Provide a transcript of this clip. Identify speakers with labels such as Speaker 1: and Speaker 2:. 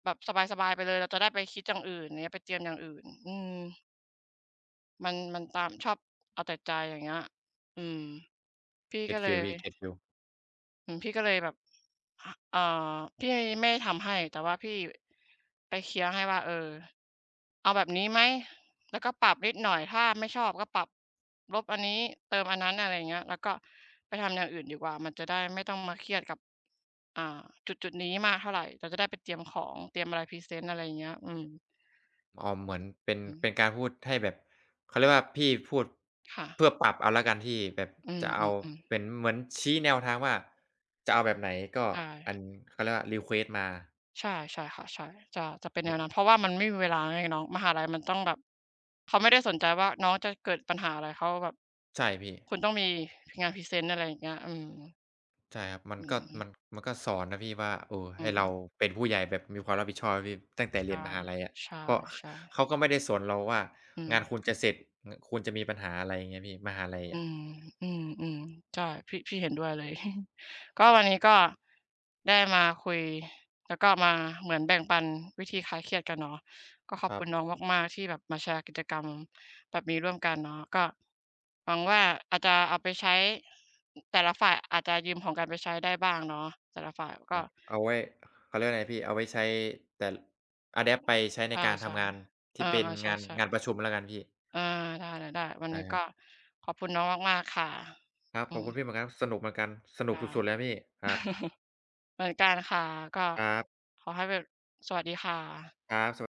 Speaker 1: แบบสบาย ๆ ไปเลย เราจะได้ไปคิดอย่างอื่น อย่างเงี้ย ไปเตรียมอย่างอื่น อืม มัน มันตาม ชอบเอาแต่ใจ อย่างเงี้ย อืม พี่ก็
Speaker 2: get
Speaker 1: เล
Speaker 2: feel
Speaker 1: ย
Speaker 2: พี่ get feel
Speaker 1: อืม พี่ก็เลยแบบ ห อ่า พี่ให้ ไม่ทำให้ แต่ว่าพี่ ไปเคลียร์ให้ว่า เออ เอาแบบนี้ไหม? แล้วก็ปรับนิดหน่อย ถ้าไม่ชอบก็ปรับ ลบอันนี้ เติมอันนั้น อะไรอย่างเงี้ย แล้วก็ไปทำอย่างอื่นดีกว่า มันจะได้ไม่ต้องมาเครียดกับ อ่า จุดจุดนี้มากเท่าไร เราจะได้ไปเตรียมของ เตรียมอะไรพรีเซนต์ อะไรอย่างเงี้ย อืม
Speaker 2: อ๋อ เหมือนเป็น
Speaker 1: อื
Speaker 2: เป
Speaker 1: ม
Speaker 2: ็นการพูดให้แบบ เขาเรียกว่า พี่พูด
Speaker 1: ค่
Speaker 2: เพ
Speaker 1: ะ
Speaker 2: ื่อปรับเอาแล้วกันพี่ แบบ
Speaker 1: อื
Speaker 2: จะ
Speaker 1: ม
Speaker 2: เอา
Speaker 1: ๆ ๆ
Speaker 2: เป็น เหมือนชี้แนวทางว่า จะเอาแบบไหน ก็
Speaker 1: ใช
Speaker 2: อ
Speaker 1: ่
Speaker 2: ัน เขาเรียกว่า รีเควสต์ มา
Speaker 1: ใช่ ใช่ค่ะ ใช่ จะ จะเป็น
Speaker 2: อ
Speaker 1: แน
Speaker 2: ื
Speaker 1: ว
Speaker 2: อ
Speaker 1: นั้น เพร
Speaker 2: ฮ
Speaker 1: า
Speaker 2: ึ
Speaker 1: ะว่ามันไม่มีเวลาแล้วไงน้อง มหาลัยมันต้องแบบ เขาไม่ได้สนใจว่าน้องจะเกิดปัญหาอะไร เขาก็แบบ
Speaker 2: ใช่ พี่
Speaker 1: คุณต้องมีงานพรีเซนต์ อะไรอย่างเงี้ย อืม
Speaker 2: ใช่ครับ มั
Speaker 1: อ
Speaker 2: น
Speaker 1: ื
Speaker 2: ก
Speaker 1: อ
Speaker 2: ็
Speaker 1: ฮึ
Speaker 2: มัน มันก็สอนนะพี่ว่า เออ
Speaker 1: อื
Speaker 2: ให้เรา
Speaker 1: ม
Speaker 2: เป็นผู้ใหญ่แบบมีความรับผิดชอบนะพี่ ตั้งแต่
Speaker 1: ใช
Speaker 2: เรีย
Speaker 1: ่
Speaker 2: นมหาลัยอะ
Speaker 1: ใช
Speaker 2: เพราะ ข
Speaker 1: ่ ๆ
Speaker 2: เขาก็ไม่ได้สนเราว่า
Speaker 1: อื
Speaker 2: งาน
Speaker 1: ม
Speaker 2: คุณจะเสร็จ ง คุณจะมีปัญหา อะไรอย่างเงี้ยพี่ มหาลัย
Speaker 1: อ
Speaker 2: อ
Speaker 1: ื
Speaker 2: ะ
Speaker 1: ม อืม ๆ ใช่ พี่ พี่เห็นด้วยเลย ก็วันนี้ ก็ได้มาคุย แล้วก็มาเหมือนแบ่งปันวิธีคลายเครียดกันเนาะ ก็ขอ
Speaker 2: ค
Speaker 1: บ
Speaker 2: รั
Speaker 1: คุ
Speaker 2: บ
Speaker 1: ณน้องมาก ๆ ที่แบบมาแชร์กิจกรรมแบบนี้ร่วมกันเนาะ ก็หวังว่า อาจจะเอาไปใช้ อ แต่ละฝ่าย อาจจะยืมของกันไปใช้ได้บ้างเนาะ แต่ละฝ่ายก
Speaker 2: ค
Speaker 1: ็
Speaker 2: รับ เอาไว้ เขาเรียกว่าอะไรพี่ เอาไว้ใช้ แต่ อะแดปต์ ไปใช้ใน
Speaker 1: อา
Speaker 2: การ
Speaker 1: ใ
Speaker 2: ท
Speaker 1: ช่
Speaker 2: ำงานท
Speaker 1: เอ
Speaker 2: ี่
Speaker 1: อ
Speaker 2: เป็น
Speaker 1: ๆ ใ
Speaker 2: งาน
Speaker 1: ช่
Speaker 2: งานประชุมแล้วกันพี่
Speaker 1: ๆ อา ได้ ๆ ๆ วัน
Speaker 2: ได้
Speaker 1: นี้
Speaker 2: ค
Speaker 1: ก
Speaker 2: รั
Speaker 1: ็
Speaker 2: บ
Speaker 1: ขอบคุณน้องมาก ๆ ค่ะ
Speaker 2: ครับ
Speaker 1: อื
Speaker 2: ขอบ
Speaker 1: ม
Speaker 2: คุณพี่เหมือนกันครับ สนุกเหมือนกัน สน
Speaker 1: ค
Speaker 2: ุก
Speaker 1: ่
Speaker 2: ส
Speaker 1: ะ
Speaker 2: ุด ๆ เลยครับพี่ ครับ
Speaker 1: เหมือนกันค่ะ ก็
Speaker 2: ครับ
Speaker 1: ขอให้แบบ สวัสดีค่ะ
Speaker 2: ครับ สวัส